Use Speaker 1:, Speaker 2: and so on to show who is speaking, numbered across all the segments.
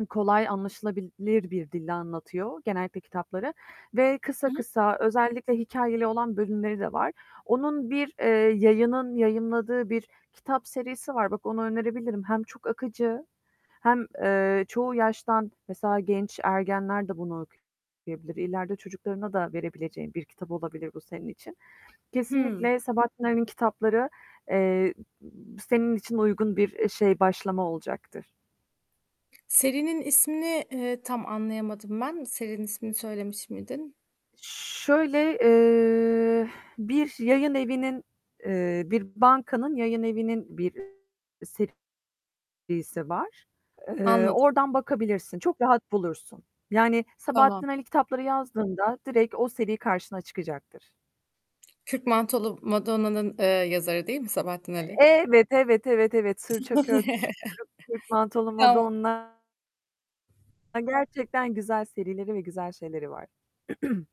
Speaker 1: I kolay, anlaşılabilir bir dille anlatıyor genellikle kitapları ve kısa
Speaker 2: Hı hı.
Speaker 1: kısa özellikle hikâyeli olan bölümleri de var. Onun bir, eee, yayının yayınladığı bir kitap serisi var. Bak onu önerebilirim. Hem çok akıcı hem, eee, çoğu yaştan mesela genç ergenler de bunu okuyabilir. İleride çocuklarına da verebileceğin bir kitap olabilir bu senin için.
Speaker 2: Hıı.
Speaker 1: Kesinlikle Sabahattin Ali'nin kitapları, eee, senin için uygun bir, eee, şey başlama olacaktır.
Speaker 2: Serinin ismini, eee, tam anlayamadım ben. Serinin ismini söylemiş miydin?
Speaker 1: Şöyle, eee, bir yayınevinin, eee, bir bankanın yayınevinin bir serisi var. Eee,
Speaker 2: Anladım.
Speaker 1: oradan bakabilirsin, çok rahat bulursun. Yani,
Speaker 2: Tamam.
Speaker 1: Sabahattin Ali kitapları yazdığında direkt o seri karşına çıkacaktır.
Speaker 2: Kürk Mantolu Madonna'nın, eee, yazarı değil mi Sabahattin Ali?
Speaker 1: Evet, evet, evet, evet. Sırça Köşk, Kürk Mantolu
Speaker 2: Tamam.
Speaker 1: Madonna. E, gerçekten güzel serileri ve güzel şeyleri var.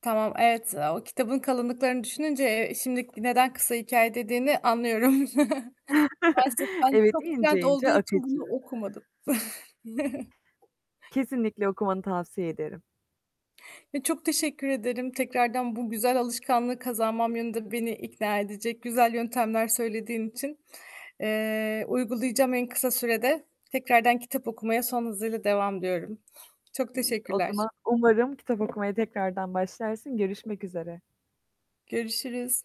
Speaker 2: Tamam, evet. Aaa, o kitabın kalınlıklarını düşününce, eee, şimdi neden kısa hikâye dediğini anlıyorum. Gerçekten
Speaker 1: Evet,
Speaker 2: çok
Speaker 1: ince
Speaker 2: trend olduğu
Speaker 1: ince
Speaker 2: için bunu
Speaker 1: akıcı.
Speaker 2: okumadım.
Speaker 1: Kesinlikle okumanı tavsiye ederim.
Speaker 2: Ya, çok teşekkür ederim tekrardan bu güzel alışkanlığı kazanmam yönünde beni ikna edecek güzel yöntemler söylediğin için. Eee, uygulayacağım en kısa sürede tekrardan kitap okumaya son hızıyla devam diyorum. Çok
Speaker 1: O
Speaker 2: teşekkürler.
Speaker 1: zaman umarım kitap okumaya tekrardan başlarsın. Görüşmek üzere.
Speaker 2: Görüşürüz.